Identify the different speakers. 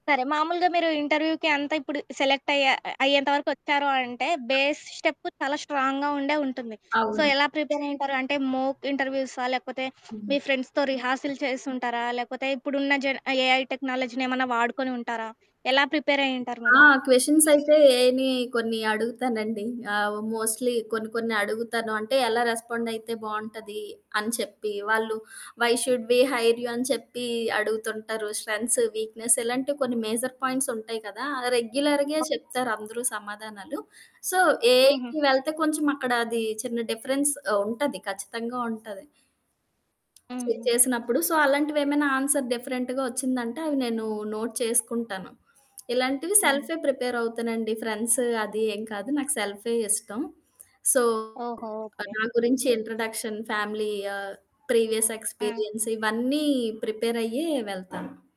Speaker 1: సరే. మామూలుగా మీరు ఇంటర్వ్యూకి అంతా ఇప్పుడు సెలెక్టయ్యా అ అయ్యేంత వరకు వచ్చారు అనంటే,
Speaker 2: ఆ!
Speaker 1: బేస్ స్టెప్పు చాలా స్ట్రాంగ్‌గా ఉండే ఉంటుంది. సో,
Speaker 2: అవును.
Speaker 1: ఎలా ప్రిపేరయ్యుంటారు? అంటే, మోక్ ఇంటర్వ్యూసా? లేకపోతే
Speaker 2: హ్మ్.
Speaker 1: మీ ఫ్రెండ్స్‌తో రిహార్సిల్ చేసుంటారా? లేకపోతే ఇప్పుడున్న జెన్ ఆహ్, ఏఐ టెక్నాలజీనేమన్నా వాడుకొని ఉంటారా? ఎలా ప్రిపేరయ్యుంటారు
Speaker 2: ఆ!
Speaker 1: మీరు?
Speaker 2: క్వెషన్స్ అయితే ఏఐని కొన్ని అడుగుతానండి. ఆ! మోస్ట్‌లీ కొన్ని కొన్ని అడుగుతాను. అంటే, ఎలా రెస్పాండయితే బావుంటది? అని చెప్పి, వాళ్ళు why should we hire you? అని చెప్పి అడుగుతుంటారు. స్ట్రెంథ్స్, వీక్‌నెస్ ఇలాంటివి కొన్ని మేజర్ పాయింట్స్ ఉంటాయి కదా! ఆ! రెగ్యులర్‌గే
Speaker 1: ఆ!
Speaker 2: చెప్తారు అందరూ సమాధానాలు. సో,
Speaker 1: హుహు.
Speaker 2: ఏఐకి వెళ్తే కొంచెం అక్కడ అది చిన్న డిఫరెన్స్ ఆహ్, ఉంటది. ఖచ్చితంగా ఉంటాది. చే
Speaker 1: హుహు.
Speaker 2: చేసినప్పుడు. సో, అలాంటివేమైనా ఆన్సర్ డిఫరెంట్‌గా వచ్చిందంటే అవి నేను నోట్ చేసుకుంటాను. ఇలాంటివి
Speaker 1: అవును.
Speaker 2: సెల్ఫే ప్రిపేర్ అవుతానండి. ఫ్రెండ్స్ అది ఏం కాదు. నాకు సెల్ఫే ఇష్టం. సో,
Speaker 1: ఓహో!
Speaker 2: ఆహ్,
Speaker 1: ఓకే.
Speaker 2: నా గురించి ఇంట్రడక్షన్, ఫ్యామిలీ, ఆహ్, ప్రీవియస్
Speaker 1: ఆ!
Speaker 2: ఎక్స్‌పీరియన్స్, ఇవన్నీ ప్రిపేరయ్యే వెళ్తాను.